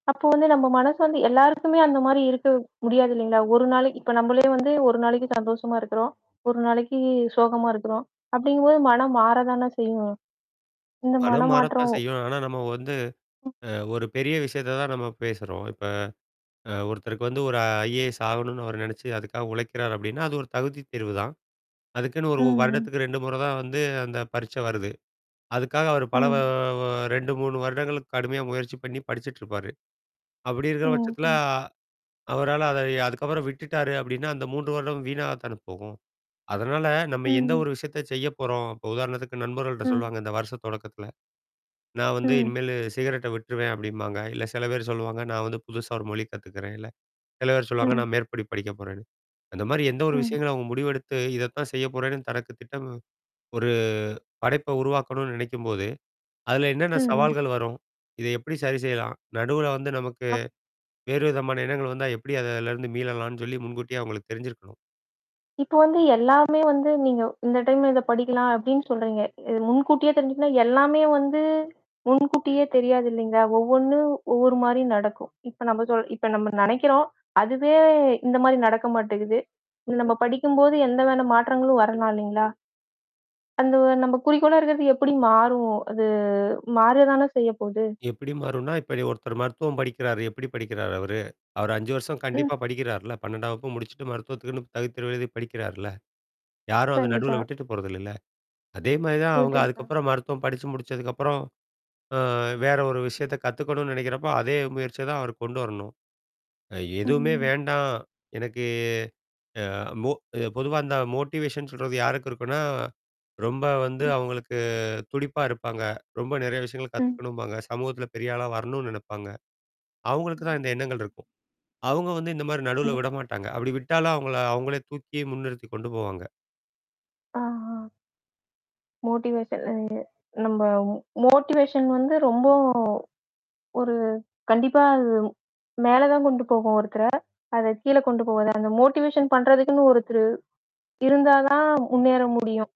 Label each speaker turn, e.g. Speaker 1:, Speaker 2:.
Speaker 1: அப்போ வந்து நம்ம மனசு வந்து எல்லாருக்குமே அந்த மாதிரி இருக்க முடியாது இல்லைங்களா? 1 நாளைக்கு இப்போ நம்மளே வந்து 1 நாளைக்கு சந்தோஷமா இருக்கிறோம். 1 நாளைக்கு சோகமா இருக்கிறோம். அப்படிங்கும்போது மனம் மாறதானே செய்யும். இந்த
Speaker 2: மனம் மாறத்தான்
Speaker 1: மனமாற்றம்
Speaker 2: செய்யும். ஆனா, நம்ம வந்து
Speaker 1: ம்.
Speaker 2: அ ஒரு பெரிய விஷயத்த தான் நம்ம பேசறோம். இப்ப அ ஒருத்தருக்கு வந்து ஒரு ஐஏஎஸ் ஆகணுன்னு அவர் நினைச்சு அதுக்காக உழைக்கிறார் அப்படின்னா, அது ஒரு தகுதித் தேர்வுதான். அதுக்குன்னு 1
Speaker 1: ம்.
Speaker 2: வருடத்துக்கு 2 முறை தான் வந்து அந்த பரீட்சை வருது. அதுக்காக அவர் பல அ
Speaker 1: ம்.
Speaker 2: உ 2, 3 வருடங்களுக்கு கடுமையாக முயற்சி பண்ணி படிச்சுட்ருப்பாரு. அப்படி இருக்கிற
Speaker 1: ம்.
Speaker 2: பட்சத்தில
Speaker 1: சொல்லு.
Speaker 2: ஆ அவரால அத அதுக்கப்புறம் விட்டுட்டாரு அப்படின்னா அந்த 3 வருடம் வீணாக தானே போகும். அதனால நம்ம எந்த
Speaker 1: ம்.
Speaker 2: ஒரு விஷயத்த செய்ய போறோம். உதாரணத்துக்கு நண்பர்கள்ட்ட
Speaker 1: ம்.
Speaker 2: சொல்லுவாங்க இந்த வருஷம் தொடக்கத்துல. நான் வந்து
Speaker 1: ம்.
Speaker 2: இனிமேலு சிகரெட்ட விட்டுருவேன் அப்படிம்பாங்க. இல்ல சில பேர் சொல்லுவாங்க, நான் வந்து புதுசா ஒரு மொழி கத்துக்கிறேன். இல்ல சில பேர் சொல்லுவாங்க,
Speaker 1: ம்.
Speaker 2: நான் மேற்படி படிக்க போறேன்னு. அந்த மாதிரி எந்த ஒரு
Speaker 1: ம்.
Speaker 2: விஷயங்களும் அவங்க முடிவெடுத்து இதைத்தான் செய்ய போறேன்னு தனக்கு திட்டம் ஒரு படைப்பை உருவாக்கணும்னு நினைக்கும்போது, அதில என்னென்ன
Speaker 1: ம்.
Speaker 2: சவால்கள் வரும்? இதை எப்படி சரி செய்யலாம்? நடுவுல வந்து நமக்கு
Speaker 1: ஆ.
Speaker 2: வேறு விதமான எண்ணங்கள் வந்தா எப்படி அதுலேருந்து மீளலாம்ன்னு சொல்லி முன்கூட்டியே அவங்களுக்கு தெரிஞ்சிருக்கணும்
Speaker 1: இப்போ வந்து எல்லாமே வந்து நீங்க இந்த டைம்ல இதை படிக்கலாம் அப்படின்னு சொல்றீங்க. இது முன்கூட்டியே தெரிஞ்சுக்கனா எல்லாமே வந்து முன்கூட்டியே தெரியாது இல்லைங்களா? ஒவ்வொன்னும் ஒவ்வொரு மாரி நடக்கும். இப்போ நம்ம சொல் இப்போ நம்ம நெனைக்கிறோம் அதுவே இந்த மாரி நடக்க மாட்டக்குது. நம்ம படிக்கும்போது எந்தவான மாற்றங்களும் வரலாம் இல்லைங்களா? அந்த நம்ம குறிக்கோளா இருக்கிறது எப்படி மாறும்? அது மாறத்தானே செய்ய போது.
Speaker 2: எப்படி மாறும்னா, இப்போ ஒருத்தர் மருத்துவம் படிக்கிறாரு எப்டி படிக்கிறாரு அவரு? அவர் 5 வருஷம்
Speaker 1: ம்.
Speaker 2: கண்டிப்பா படிக்கிறார்ல, 12ஆம் வகுப்பு முடிச்சிட்டு மருத்துவத்துக்குன்னு தகுதித் தேர்வு எழுதி படிக்கிறாருல. யாரும் அந்த
Speaker 1: கண்டிப்பா.
Speaker 2: நடுவுல விட்டுட்டு போறதில்லல்ல. அதே மாரி தான் அவங்க
Speaker 1: [unintelligible]
Speaker 2: அதுக்கப்புறம் மருத்துவம் படிச்சு முடிச்சதுக்கப்புறம் அ வேற ஒரு விஷயத்த கத்துக்கனும்ணும்னு நெனைக்கிறப்போ, அதே முயற்சிய தான் அவர் கொண்டு வரணும். எதுவுமே
Speaker 1: ம்.
Speaker 2: வேண்டாம். எனக்கு அ மோ பொதுவா அந்த மோட்டிவேஷன் சொல்றது யாருக்கு இருக்குனா, ரொம்ப வந்து
Speaker 1: ம்.
Speaker 2: அவங்களுக்கு துடிப்பா இருப்பாங்க. ரொம்ப நிறைய விஷயங்கள்
Speaker 1: ம்.
Speaker 2: கத்துக்கணும்பாங்க. சமூகத்தில பெரிய ஆளா வரணும்னு நெனைப்பாங்க. அவங்களுக்கு தான் இந்த
Speaker 1: ம்.
Speaker 2: எண்ணங்கள் இருக்கும். அவங்க வந்து இந்த மாரி நடுவுல
Speaker 1: ம்.
Speaker 2: விட மாட்டாங்க. அப்படி விட்டாலும், அவங்கள அவங்களே தூக்கி முன்னிறுத்திக் கொண்டு போவாங்க.
Speaker 1: ஆ. ஆ. மோட்டிவேஷன்லங்க. நம்ம மோட்டிவேஷன் வந்து ரொம்ப ஒரு கண்டிப்பா அது மேல தான் கொண்டு போகும் ஒருத்தர. அதை கீழே கொண்டு போவாது. அந்த மோட்டிவேஷன் பண்றதுக்குன்னு ஒருத்தர் இருந்தா தான் முன்னேற முடியும்.